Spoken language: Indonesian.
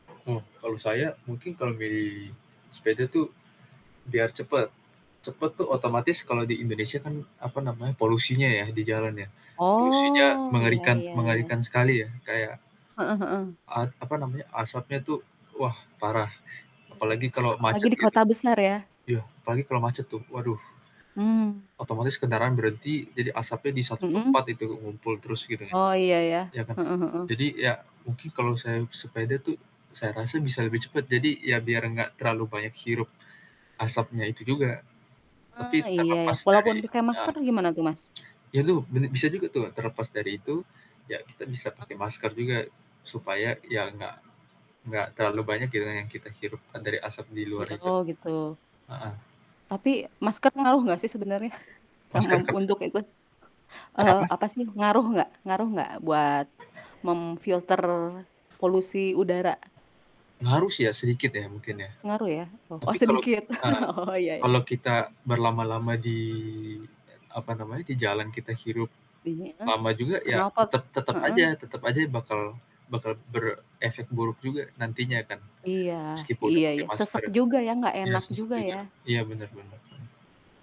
Ah, kalau saya mungkin kalau milih sepeda tuh biar cepet. Cepet tuh Dapat. otomatis kalau di Indonesia kan, apa namanya, polusinya ya di jalan ya, polusinya Oh, iya mengerikan iya iya. mengerikan sekali ya, kayak Heeh heeh. at apa namanya, asapnya tuh wah parah, apalagi kalau Apalagi macet di gitu. kota besar ya? Iya, apalagi kalau macet tuh, waduh Mmm. otomatis kendaraan berhenti jadi asapnya di satu Mhm? tempat itu ngumpul terus gitu kan, Oh iya iya, ya kan? heeh heeh. Jadi, ya mungkin kalau saya sepeda tuh saya rasa bisa lebih cepet, jadi ya biar gak terlalu banyak hirup asapnya itu juga, Oh, tapi iya iya, terlepas dari, walaupun pakai eee, masker gimana tuh, Mas? itu bene bisa juga tuh terlepas dari itu, ya kita bisa pakai Heeh? masker juga, supaya ya nggak nggak terlalu banyak gitu, yang kita hirup, kan dari asap di Di luar itu, oh gitu. heeh. Tapi, masker ngaruh gak sih sebenernya? Sama, Masker kepa untuk itu, eee, Kenapa? apa sih? Ngaruh nggak ngaruh nggak buat memfilter polusi udara? Ngaruh sih ya, sedikit ya mungkin ya? Ngaruh ya? Oh oh Tapi kalo sedikit. heeh, Oh, ya ya. kalo kita berlama-lama di, e apa namanya, di jalan kita hirup Iya? lama juga ya, Kenapa tetep tetep aja heeh? tetep aja bakal bakal berefek buruk juga nantinya kan. Iya Meskipun udah iya pake iya, sesak masker, juga ya, nggak iya enak sesak juga juga, ya? iya bener bener bener.